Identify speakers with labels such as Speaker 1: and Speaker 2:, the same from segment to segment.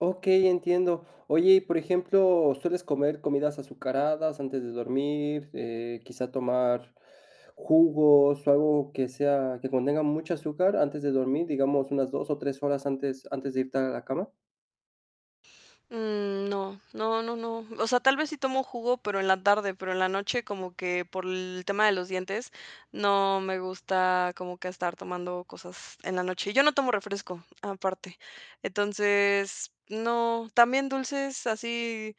Speaker 1: Okey, entiendo. Oye, y por ejemplo, ¿sueles comer comidas azucaradas antes de dormir?, eh, quizá, tomar jugos o algo que sea que contenga mucha azúcar antes de dormir, digamos, unas 2 o 3 horas antes antes de irte a la cama.
Speaker 2: Mm, no, no, no, no. O sea, tal vez sí tomo jugo, pero en la tarde, pero en la noche como que por el tema de los dientes no me gusta como que estar tomando cosas en la noche. Yo no tomo refresco aparte. Entonces, no también dulces así,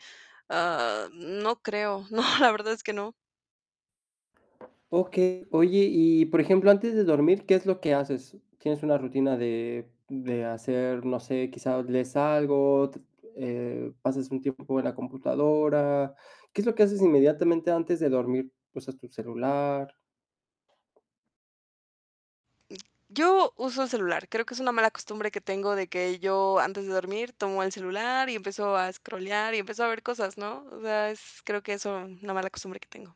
Speaker 2: ah, no creo. No, la verdad es que no.
Speaker 1: Okey. Oye, y por ejemplo, antes de dormir, ¿qué es lo que haces? ¿Tienes una rutina de de hacer, no sé, quizá, lees algo, t eh, pasas un tiempo en la computadora? ¿Qué es lo que haces inmediatamente antes de dormir? ¿Usas tu celular?
Speaker 2: Yo uso el celular. Creo que es una mala costumbre que tengo de que yo antes de dormir tomo el celular y empiezo a scrollear, y empiezo a ver cosas, ¿no? O sea, es creo que eso, una mala costumbre que tengo.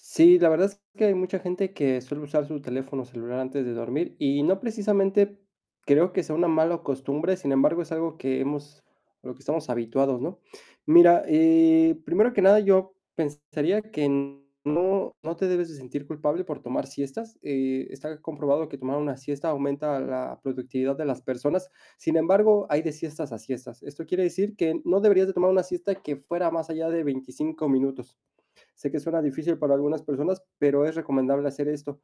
Speaker 1: Sí, la verdad es que hay mucha gente que suele usar su teléfono celular antes de dormir, y no precisamente creo que sea una mala costumbre. Sin embargo, es algo que hemos a lo que estamos habituados, ¿no? Mira, eh, primero que nada, yo pensaría que no no te debes de sentir culpable por tomar siestas. Eh, está comprobado que tomar una siesta aumenta la productividad de las personas. Sin embargo, hay de siestas a siestas. Esto quiere decir que no deberías de tomar una siesta que fuera más allá de 25 minutos. Sé que suena difícil para algunas personas, pero es recomendable hacer esto.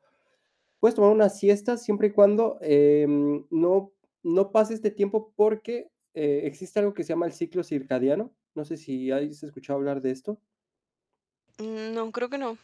Speaker 1: Puedes tomar una siesta siempre y cuando, eh, no no pase este tiempo, porque, eh, existe algo que se llama el ciclo circadiano. No sé si has escuchado hablar de esto.
Speaker 2: Mm, no, creo que no.